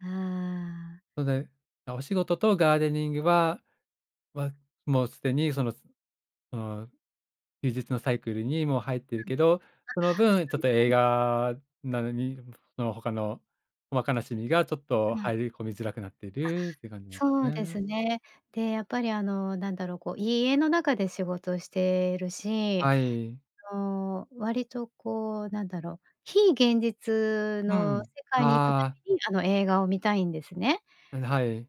ああ。それで、お仕事とガーデニングはは、もうすでにそのその休日のサイクルにもう入ってあ、そうですそいるけど、その分ちょっうと映です。画などに、その他の、わかなしみがちょっとうん。入り込みづらくなっていあ、るっていう感じなんでそうすですね。ね。で、やっぱりあのなんだろう、こう家の中で仕事しているし。はい。そう、割とこうなんだろ、非現実うのん、世界に行くたああ。めにあの映画を観たいんですね。うん、はい。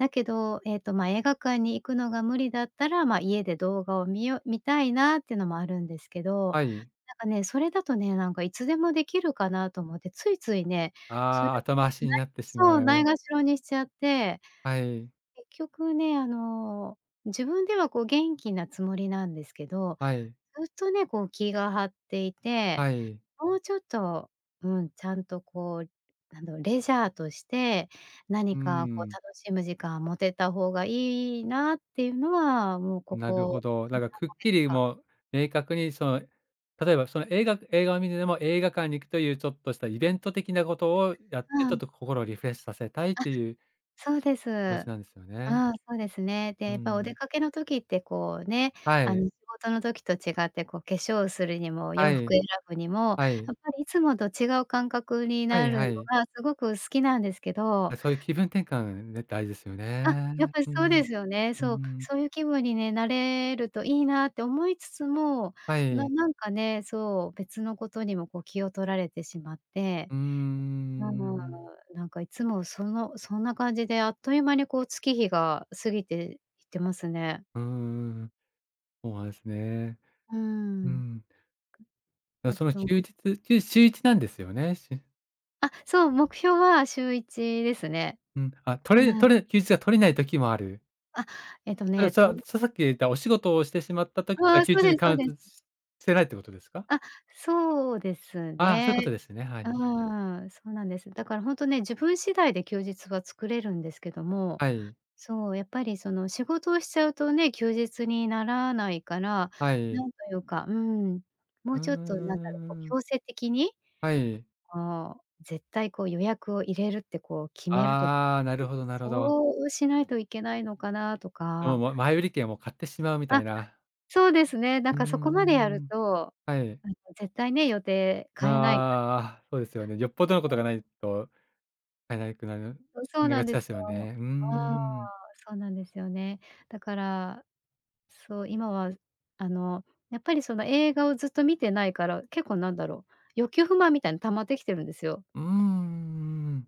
だけど、ええとまあ、映画館に行くのが無理だったら、ま家で動画を見よう見たいなっていうのもあるんですけど、はい。なんかね、それだとね、なんかいつでもできるかなと思ってついついね、それああ、を後回しになないってしそう、まないう。がしろにしちゃって。はい。結局ね、あの自分ではこう元気なつもりなんですけど、はい。ずっとね、こう気が張っていて、はい。もうちょっと、うん、ちゃんとこう、なんだろ、レジャーとして、なうにーかこうん。楽しむ時間を持てた方がいいなっていうのはもうこなるほこど。だからくっにきりさんかげつかもう、明確にその例えばその映画映画を観てても映画館に行くというちょっとしたイベント的なことをやって、うちょっん。と心をリフレッシュさせたいっあ、ていうそうです。気持ちなんですよね。ああそうですね。うで、ーやっぱお出ん。かけの時ってこうね、はあい。の仕事の時と違ってこう化粧をするにもは洋服をい。選ぶにも、はい。やっぱりいつもと違う感覚にはないるはのい。がすごく好きなんですけど。そういう気分転換、ん、大事ですよあ、やっね。ぱりうそうん、ですよね。うーそう、ん。そういう気分にね、なれるといいなって思いつつも、はない。なんかね、そう、別のことにもこう気を取られてしまって。うーうーん、ん。なんかいつもその、そんな感じであっという間にこう月日が過ぎていってますね。うーん。そうなんですね。うーうん。ん。あ、あそのと休日、しゅ週一なんですよね、しゅあ、そう、目標は週一ですね。うん、あ、取れうん。取れ休日が取れない時もある。あ、えっとあの、ね、さ、とささっき言ったお仕事をしてしまった時、ああ、休そう日ですにそカうウンです。トししてないってことですか？あ、そうですああ、そういうこね。とですね。はうい。ーん、そうなんです。だからほんとね、自分次第で休日は作れるんですけども、はい。そう、やっぱりその仕事をしちゃうとね、休日にならないから、はない。んというか、うん、もうーうちょっとなんだろ、こうん。強制的に、はい。こう、絶対こう予約を入れるってこう決めると、うん、ああ、なるほどなるほど。そうしないといけないのかなとで、か。もう前売り券を買ってしまうみたあ、いな。そうですね。なんうーかそこまでやるん。と、はい。絶対ね予定変えないああ、そうですよね。よっぽどのこ [unintelligible] とうがん。ないと [unintelligible] そそうんながんつでやすすよよ。ね。うーああ、ん。そうなんですよね。だから、そう今はあのやっぱりその映画をずっと観てないから、結構なんだろ、欲求不満みたいに溜まってきてるんですよ。うーん、ううん。